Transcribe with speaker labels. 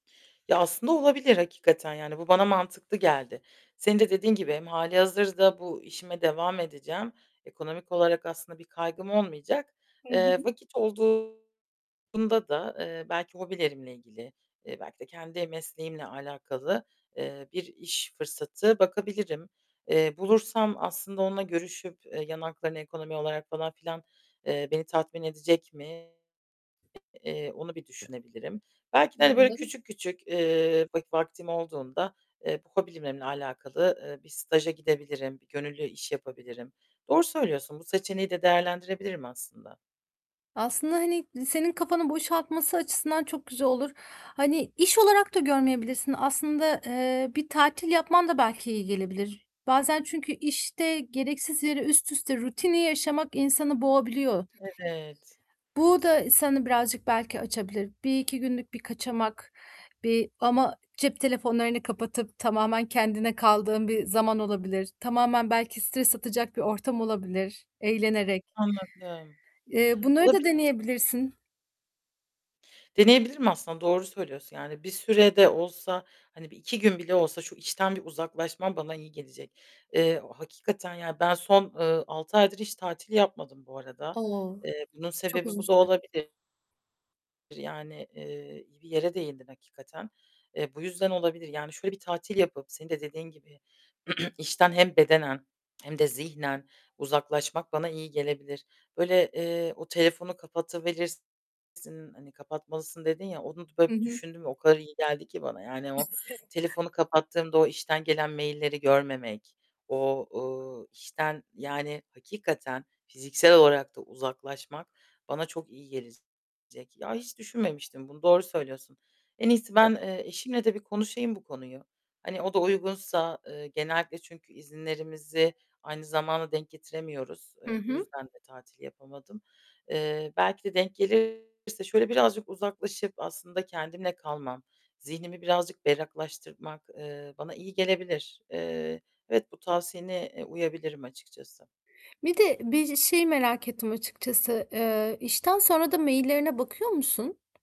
Speaker 1: Ya, aslında olabilir hakikaten, yani, bu bana mantıklı geldi. Senin de dediğin gibi hem hâlihazırda bu işime devam edeceğim, ekonomik olarak aslında bir kaygım olmayacak.
Speaker 2: Hı
Speaker 1: Eee,
Speaker 2: hı.
Speaker 1: vakit olduğunda da, eee, belki hobilerimle ilgili, eee, belki de kendi mesleğimle alakalı, eee, bir iş fırsatı bakabilirim. Eee, bulursam aslında onunla görüşüp, eee, yan haklarını, ekonomi olarak falan filan, eee, beni tatmin edecek mi? Eee, onu bir düşünebilirim. Belki de,
Speaker 2: Hı
Speaker 1: hani, böyle,
Speaker 2: hı.
Speaker 1: küçük küçük, ııı, vak vaktim olduğunda, eee, bu hobilerimle alakalı, ııı, bir staja gidebilirim, bir gönüllü iş yapabilirim. Doğru söylüyorsun. Bu seçeneği de değerlendirebilirim aslında.
Speaker 2: Aslında, hani, senin kafanı boşaltması açısından çok güzel olur. Hani, iş olarak da görmeyebilirsin. Aslında, eee, bir tatil yapman da belki iyi gelebilir. Bazen çünkü işte gereksiz yere üst üste rutini yaşamak insanı boğabiliyor.
Speaker 1: Evet!
Speaker 2: Bu da ı seni birazcık belki açabilir. 1-2 günlük bir kaçamak, bir ama cep telefonlarını kapatıp tamamen kendine kaldığın bir zaman olabilir. Tamamen belki stres atacak bir ortam olabilir eğlenerek.
Speaker 1: Anladım!
Speaker 2: Eee, bunları da
Speaker 1: Olabilir!
Speaker 2: deneyebilirsin.
Speaker 1: Deneyebilirim aslında doğru söylüyorsun. Yani bir süre de olsa, hani, bir 2 gün bile olsa şu işten bir uzaklaşmam bana iyi gelecek. Eee, o hakikaten ya, ben son, ııı, 6 aydır hiç tatil yapmadım bu arada.
Speaker 2: O!
Speaker 1: Eee, bunun
Speaker 2: Çok
Speaker 1: sebebi
Speaker 2: uzun
Speaker 1: bu da
Speaker 2: süre.
Speaker 1: olabilir. Yani, eee, iyi bir yere değindin hakikaten. Eee, bu yüzden olabilir. Yani, şöyle bir tatil yapıp -senin de dediğin gibi işten hem bedenen hem de zihnen uzaklaşmak bana iyi gelebilir. Böyle, eee, o telefonu kapatıverirsin, hani, "Kapatmalısın." dedin ya. Onu d
Speaker 2: Hı
Speaker 1: böyle, bir
Speaker 2: hı.
Speaker 1: düşündüm ve o kadar iyi geldi ki bana. Yani o
Speaker 2: [unintelligible]
Speaker 1: telefonu kapattığımda o işten gelen mail'leri görmemek, o, ııı, işten, yani, hakikaten fiziksel olarak da uzaklaşmak bana çok iyi gelecek. Ya, hiç düşünmemiştim bunu, doğru söylüyorsun. En iyisi ben, eee, eşimle de bir konuşayım bu konuyu. Hani, o da uygunsa, ııı, genellikle çünkü izinlerimizi aynı zamana denk getiremiyoruz.
Speaker 2: Hı
Speaker 1: Iıı, bu
Speaker 2: hı.
Speaker 1: yüzden de tatil yapamadım. Eee, belki de denk gelirse şöyle birazcık uzaklaşıp aslında kendimle kalmam, zihnimi birazcık berraklaştırmak, ııı, bana iyi gelebilir. Eee, evet, bu tavsiyene, eee, uyabilirim açıkçası.
Speaker 2: Bir de bir şeyi merak ettim açıkçası, ııı, işten sonra da mail'lerine bakıyor musun?